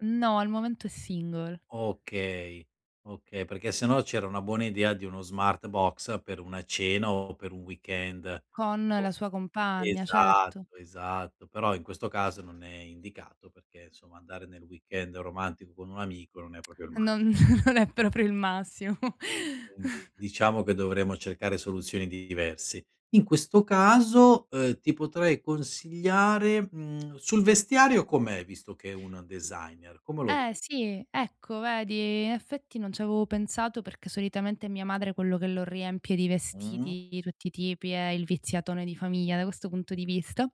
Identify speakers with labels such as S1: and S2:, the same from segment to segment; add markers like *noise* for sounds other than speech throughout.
S1: No, al momento è single.
S2: Okay okay, perché sennò c'era una buona idea di uno Smartbox per una cena o per un weekend.
S1: Con
S2: O
S1: la sua compagna, certo.
S2: esatto esatto, però in questo caso non è indicato perché, insomma, andare nel weekend romantico con un amico non è proprio il
S1: *tsk* E
S2: massi
S1: non *chuckles* non è proprio il massimo.
S2: Quindi
S1: *chuckles*
S2: diciamo che dovremo cercare soluzioni di diverse. In questo caso, uhm, ti potrei consigliare, mhmm, sul vestiario com'è, visto che è un designer? Come lo vedi?
S1: Eh, sì, ecco vedi, effetti non c'avevo pensato perché solitamente è mia madre quello che lo riempie di
S2: Mh-mh.
S1: vestiti di tutti i tipi, è il viziatone di famiglia da questo punto di vista,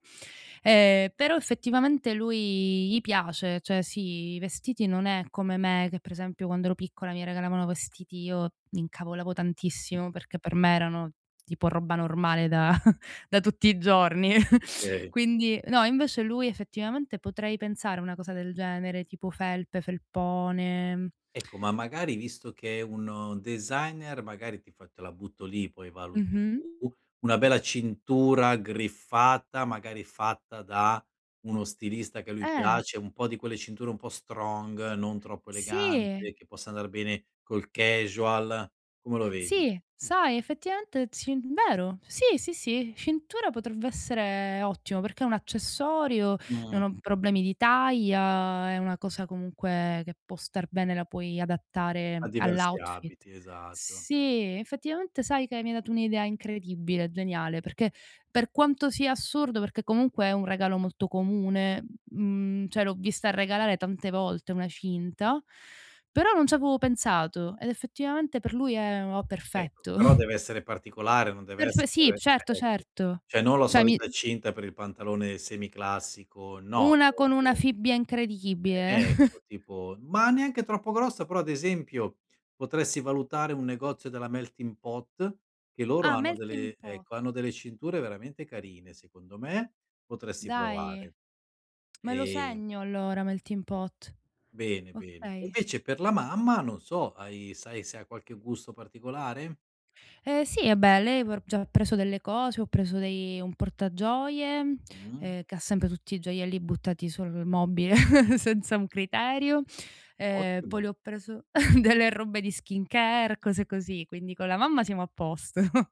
S1: ehm, però effettivamente lui gli piace, cioè sì, i vestiti non è come me che pre esempio quando ero piccola mi regalavano vestiti, io m'incavolavo tantissimo perché per me erano tipo roba normale da *chuckles* da tutti i giorni. *chuckles*
S2: Okay.
S1: Quindi no, invece lui effettivamente potrei pensare una cosa del genere, tipo felpe, felpone. *tsk* *inhales*
S2: Ecco, ma magari visto che è un designer magari ti f te la butto lì, poi valuti
S1: Mh-mh.
S2: tu, una bella cintura griffata, magari fatta da uno stilista che a lui
S1: Eh.
S2: piace, un po' di quelle cinture un po' strong non troppo
S1: Sì.
S2: elegante, che possa andar bene col casual. Come lo vedi?
S1: Sì, sai effettivamente, ci vero, sì, sì, sì, cintura potrebbe essere ottimo perché è un accessorio,
S2: Mh.
S1: non ho problemi di taglia, è una cosa comunque che può star bene, la puoi
S2: A
S1: adattare
S2: diversi
S1: all'outfit.
S2: abiti, esatto.
S1: Sì, effettivamente sai che mi hai dato un'idea incredibile, geniale, perché per quanto sia assurdo perché comunque è un regalo molto comune, mhmm, cioè l'ho vista regalare tante volte una cinta, però non ci avevo pensato ed effettivamente per lui è o
S2: Ecco,
S1: perfetto.
S2: però
S1: *chuckles*
S2: dev'essere particolare, non
S1: Perfe sì,
S2: dev'essere
S1: certo
S2: ecco.
S1: certo.
S2: Cioè non la
S1: Cioè mi
S2: solita cinta per il pantalone semiclassico, no,
S1: Una con una
S2: dev'essere
S1: fibbia incredibile. *chuckles*
S2: Ecco, tipo, ma neanche troppo grossa, però ad esempio, potresti valutare un negozio della Melting Pot, che loro
S1: Ah,
S2: hanno
S1: Melting
S2: delle
S1: Pot.
S2: ecco, hanno delle cinture veramente carine secondo me, potresti
S1: Dai,
S2: provare.
S1: me lo
S2: Ehm
S1: segno allora Melting Pot.
S2: Bene bene. E
S1: Okay.
S2: invece per la mamma, non so hai sai se ha qualche gusto particolare?
S1: Ehm, sì, ehm, beh lei, ho r ho già preso delle cose, ho preso dei un portagioie,
S2: Mh.
S1: ehm, che ha sempre tutti i gioielli buttati sul mobile *chuckles* senza un criterio. Ehm, poi
S2: Ottimo.
S1: le ho preso *chuckles* delle robe di skincare, cose così, quindi con la mamma siamo a posto.